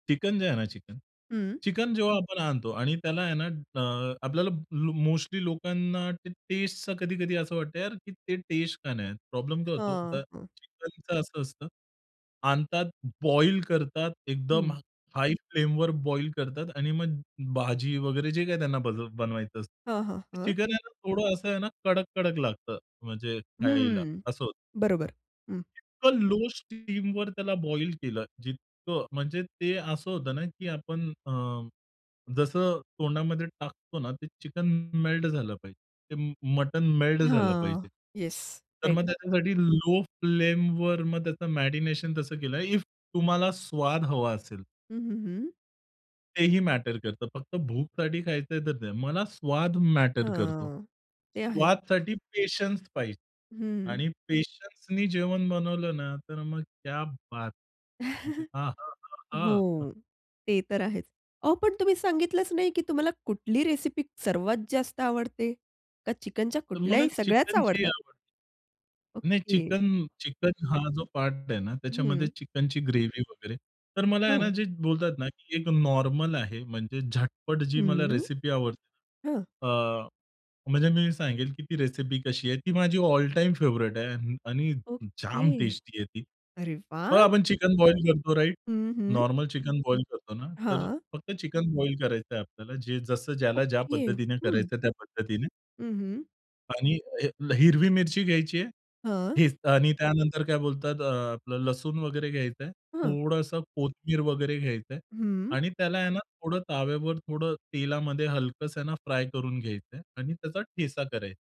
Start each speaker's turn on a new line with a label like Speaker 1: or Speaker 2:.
Speaker 1: Chicken जे आहे ना चिकन
Speaker 2: हं.
Speaker 1: चिकन जेव्हा आपण आणतो आणि त्याला आहे ना अ, आपल्याला मोस्टली लोकांना ते टेस्टचं कधी-कधी असं वाटतं की यार ते टेस्ट का नाही येत. प्रॉब्लेम काय होतो
Speaker 2: हां,
Speaker 1: तर
Speaker 2: हं.
Speaker 1: चिकनचं असं असतं आणतात, बॉईल करतात. एकदम
Speaker 2: हं.
Speaker 1: हाय फ्लेमवर बॉईल करतात आणि मग भाजी वगैरे जे काही त्यांना बल बनवायचं असतं.
Speaker 2: हां, हां,
Speaker 1: ते
Speaker 2: हां.
Speaker 1: चिकन आहे ना थोडं असं ना कडक-कडक लागतं, म्हणजे खायला,
Speaker 2: हं.
Speaker 1: असं होतं.
Speaker 2: बरोबर. हं.
Speaker 1: पण लो स्टीमवर त्याला बॉईल केलं जितकं, म्हणजे ते असं होतं ना की आपण अ, जसं तोंडामध्ये टाकतो ना ते चिकन मे मेल्ट झालं पाहिजे. ते म मटण मेल्ट झालं पाहिजे.
Speaker 2: हां. येस.
Speaker 1: तर
Speaker 2: राइट.
Speaker 1: मग त्याच्यासाठी लो फ्लेमवर मग त्याचं मॅरीनेशन तसं केलंय. इफ तुम्हाला स्वाद हवा असेल.
Speaker 2: हं, हं, हं.
Speaker 1: तेही मॅटर करतं. फक्त भूकसाठी खायचंय तर नाही. मला स्वाद मॅटर करतो.
Speaker 2: हां. ते आहे.
Speaker 1: स्वादसाठी पेशन्स पाहिजे
Speaker 2: हं.
Speaker 1: आणि पेशन्सनी जेवण बनवलं ना तर मग क्या बात! मग ते हां, हां, हां.
Speaker 2: हो. ते तर आहेच. अहो पण तुम्ही सांगितलंच नाही की तुम्हाला कुठली रेसिपी सर्वात जास्त आवडते, का चिकनच्या
Speaker 1: तर मला
Speaker 2: कुठल्याही सगळ्याच
Speaker 1: चिकनची
Speaker 2: आवडतात?
Speaker 1: आवड नाही.
Speaker 2: ओके.
Speaker 1: चिकन चिकन हा जो पार्ट आहे ना त्याच्यामध्ये
Speaker 2: हं.
Speaker 1: चिकनची ग्रेव्ही वगैरे. तर मला आहे ना
Speaker 2: हं.
Speaker 1: जे बोलतात ना एक नॉर्मल आहे. म्हणजे झटपट जी मला
Speaker 2: हं,
Speaker 1: रेसिपी आवडते.
Speaker 2: हं.
Speaker 1: अ, म्हणजे मी सांगेल की ती रेसिपी कशी आहे ती माझी ऑल टाईम फेव्हरेइट आहे आणि
Speaker 2: ओके.
Speaker 1: जाम टेस्टी आहे ती.
Speaker 2: अरे
Speaker 1: मग
Speaker 2: वाह!
Speaker 1: आपण चिकन बॉईल करतो राइट?
Speaker 2: हं, हं.
Speaker 1: नॉर्मल चिकन बॉईल करतो ना, तर
Speaker 2: हां.
Speaker 1: फक्त चिकन बॉईल करायचंय आपल्याला. जे जसं ज्याला ज्या
Speaker 2: ओके.
Speaker 1: पद्धतीने
Speaker 2: हं.
Speaker 1: करायचं आहे त्या पद्धतीने.
Speaker 2: हं, हं.
Speaker 1: आणि हे हिरवी मिरची घ्यायची आहे,
Speaker 2: हां.
Speaker 1: हेच आणि त्यानंतर काय बोलतात अ, आपलं लसूण वगैरे घ्यायचंय,
Speaker 2: हां.
Speaker 1: थोडंसं कोथिंबीर वगैरे घ्यायचंय
Speaker 2: हं.
Speaker 1: आणि त्याला आहे ना थोडं ताव्यावर थोडं तेलामध्ये हलकसं आहे ना फ्राय करून घ्यायचंय आणि त्याचा ठेचा करायचा.